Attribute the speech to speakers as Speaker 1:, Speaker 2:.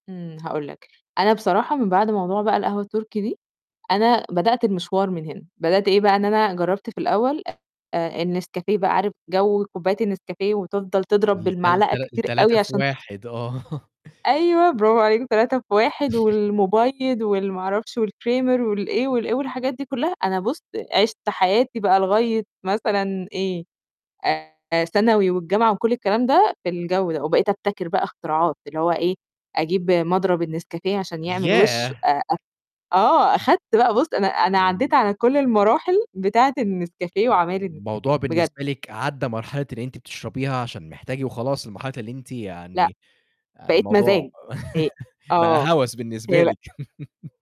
Speaker 1: إمم، هاقول لك. أنا بصراحة من بعد موضوع بقى القهوة التُركي دي، أنا بدأت المشوار من هنا، بدأت إيه بقى، إن أنا جرّبت في الأول آآ النسكافيه بقى عارف جَو كوبّاية النسكافيه وتفضل تضرب
Speaker 2: التل
Speaker 1: بالمعلقة
Speaker 2: تل
Speaker 1: كتير
Speaker 2: ال3
Speaker 1: أوي
Speaker 2: في
Speaker 1: عشان
Speaker 2: 1 آه.
Speaker 1: أيوه، برافو عليك، 3 في 1 والمُبيِّض وال ما أعرفش والكريمر والإيه والإيه والحاجات دي كُلّها، أنا بُص، عِشْت حياتي بقى لغاية مثلًا إيه، آآ ثانوي والجامعة وكل الكلام ده في الجَو ده وبقيت أبتكر بقى اختراعات اللي هو إيه، أجيب مضرب النسكافيه عشان يعمل وِش
Speaker 2: ياه!
Speaker 1: آآ أ آه، أخدت بقى بُص، أنا أنا
Speaker 2: امم.
Speaker 1: عدّيت على كل المراحل بتاعة النسكافيه وعمايل النسكافيه
Speaker 2: الموضوع
Speaker 1: بجد.
Speaker 2: بالنسبة لِك عدّى مرحلة إن أنتِ بتشربيها عشان محتاج وخلاص لمرحلة اللي أنتِ
Speaker 1: لأ.
Speaker 2: يعني
Speaker 1: بقيت
Speaker 2: الموضوع
Speaker 1: مزاج إ
Speaker 2: بقى
Speaker 1: آه،
Speaker 2: هَوَس بالنسبة
Speaker 1: [unintelligible]
Speaker 2: لكِ.